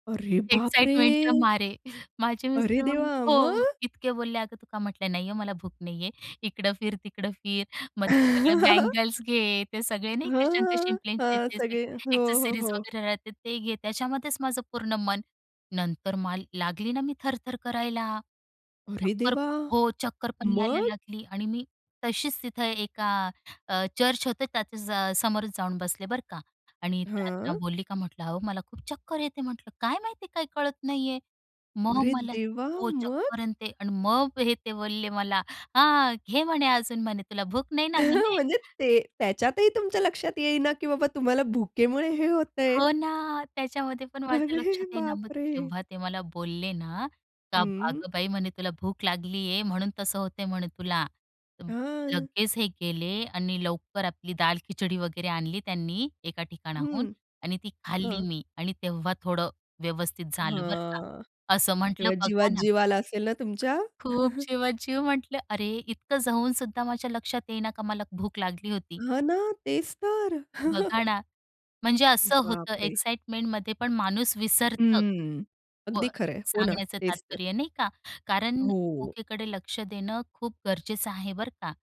अरे बाप रे! एक्साईटमेंटच्या मारे. माझे अरे मिस्टर म्हण देवा! हो. मग? इतके बोलले. अगं तू का म्हटलं नाही आहे मला भूक नाही आहे. इकडं फिर, तिकडं फिर. मग ते सगळे बंगल्स घे, ते सगळे नाही का शंक हां. शिंपलेचे हां. ते सगळे. हो, हो, एक्सेसरीज हो. वगैरे राहते ते घे, त्याच्यामध्येच माझं पूर्ण मन. नंतर मला लागली ना मी थरथर करायला. अरे चक्कर देवा! हो चक्कर पण यायला मग? लागली आणि मी तशीच तिथं एका अ, चर्च होतं त्याच्या समोरच जाऊन बसले बरं का. आणि त्यांना हां. बोलली का म्हटलं अहो मला खूप चक्कर येते म्हटलं. काय माहिती काय कळत नाही आहे. मग अरे मला देवा! हो मग? चक्कर आणि ते आणि मग, हे ते बोलले मला हां घे म्हणे अजून म्हणे. तुला भूक नाही ना म्हणे. म्हणजे ते त्याच्यातही तुमच्या लक्षात येईना की बाबा तुम्हाला भुकेमुळे हे होतंय. हो ना. त्याच्यामध्ये पण माझ्या अरे लक्षात येई ना. बाप मग रे! जेव्हा ते मला बोलले ना का बा हं. अगं बाई म्हणे तुला भूक लागलीये म्हणून तसं होतंय म्हणे तुला. तर हां. लगेच हे गेले आणि लवकर आपली दाल-खिचडी वगैरे आणली त्यांनी एका ठिकाणाहून. हं. आणि ती खाल्ली हां. मी आणि तेव्हा थोडं व्यवस्थित झालं बरं का. हां. असं म्हटलं तेव्हा बघा ना. जीवात-जीव आला असेल ना तुमच्या? खूप जीवात जीव म्हंटलं. अरे इतकं जाऊन सुद्धा माझ्या लक्षात येईना का मला भूक लागली होती. हां ना. तेच तर. बघा ना. म्हणजे असं बाप होतं रे! एक्साइटमेंटमध्ये पण माणूस विसरतं. हं. पण अगदी खरं आहे. हो ना. सांगण्याचं तेच तर. तात्पर्य नाही का. कारण हो. भूकेकडे लक्ष देणं खूप गरजेचं आहे बरं का.